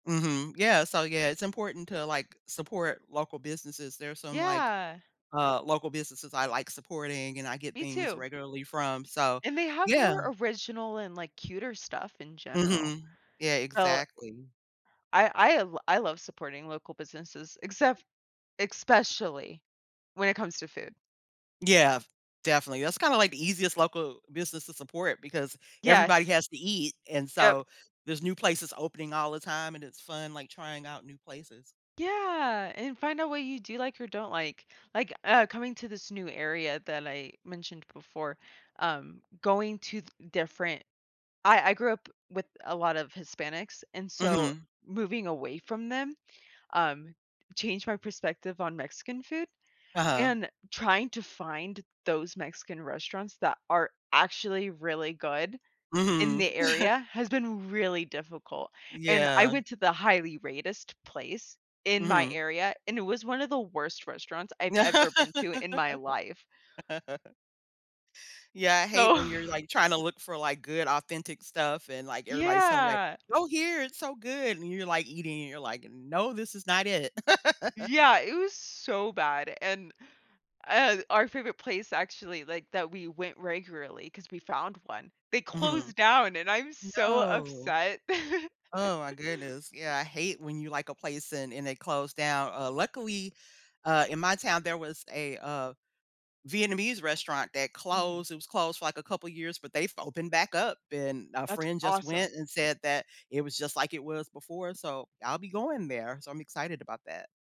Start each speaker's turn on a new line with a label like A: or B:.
A: Mhm, yeah, so yeah, it's important to, like, support local businesses. There's some, like,
B: Yeah.
A: uh, local businesses I like supporting and I get
B: Me
A: things
B: too.
A: regularly from, so
B: And they have
A: yeah.
B: more original and, like, cuter stuff in general.
A: Mhm. Yeah,
B: So
A: exactly.
B: I I l I love supporting local businesses, except especially when it comes to food.
A: Yeah, definitely. That's kinda, like, the easiest local business to support because everybody
B: Yes.
A: has to eat, and
B: Yep.
A: so, there's new places opening all the time and it's fun, like, trying out new places.
B: Yeah, and find out what you do like or don't like. Like, uh, coming to this new area that I mentioned before, um, going to th different I I grew up with a lot of Hispanics, and so
A: Mhm.
B: moving away from them, um, changed my perspective on Mexican food,
A: Uh-huh.
B: and trying to find those Mexican restaurants that are actually really good in
A: Mhm.
B: the area has been really difficult, and I
A: Yeah.
B: went to the highly-rated place in my
A: Mhm.
B: area, and it was one of the worst restaurants I've ever been to in my life
A: Yeah, I hate
B: so
A: when you're, like, tryna look for, like, good authentic stuff and, like, everybody's telling you, like,
B: Yeah.
A: "Go here, it's so good," and you're like eating and you're like, "No, this is not it."
B: Yeah, it was so bad, and, uh, our favorite place actually, like, that we went regularly 'cause we found one, they
A: Mhm.
B: closed down and I'm so
A: No.
B: upset.
A: Oh my goodness, yeah, I hate when you like a place and and it close down. Uh, luckily, uh, in my town there was a, uh, Vietnamese restaurant that
B: Mhm.
A: closed. It was closed for, like, a couple of years, but they've opened back up and a
B: That's
A: friend just
B: awesome.
A: went and said that it was just like it was before, so I'll be going there, so I'm excited about that.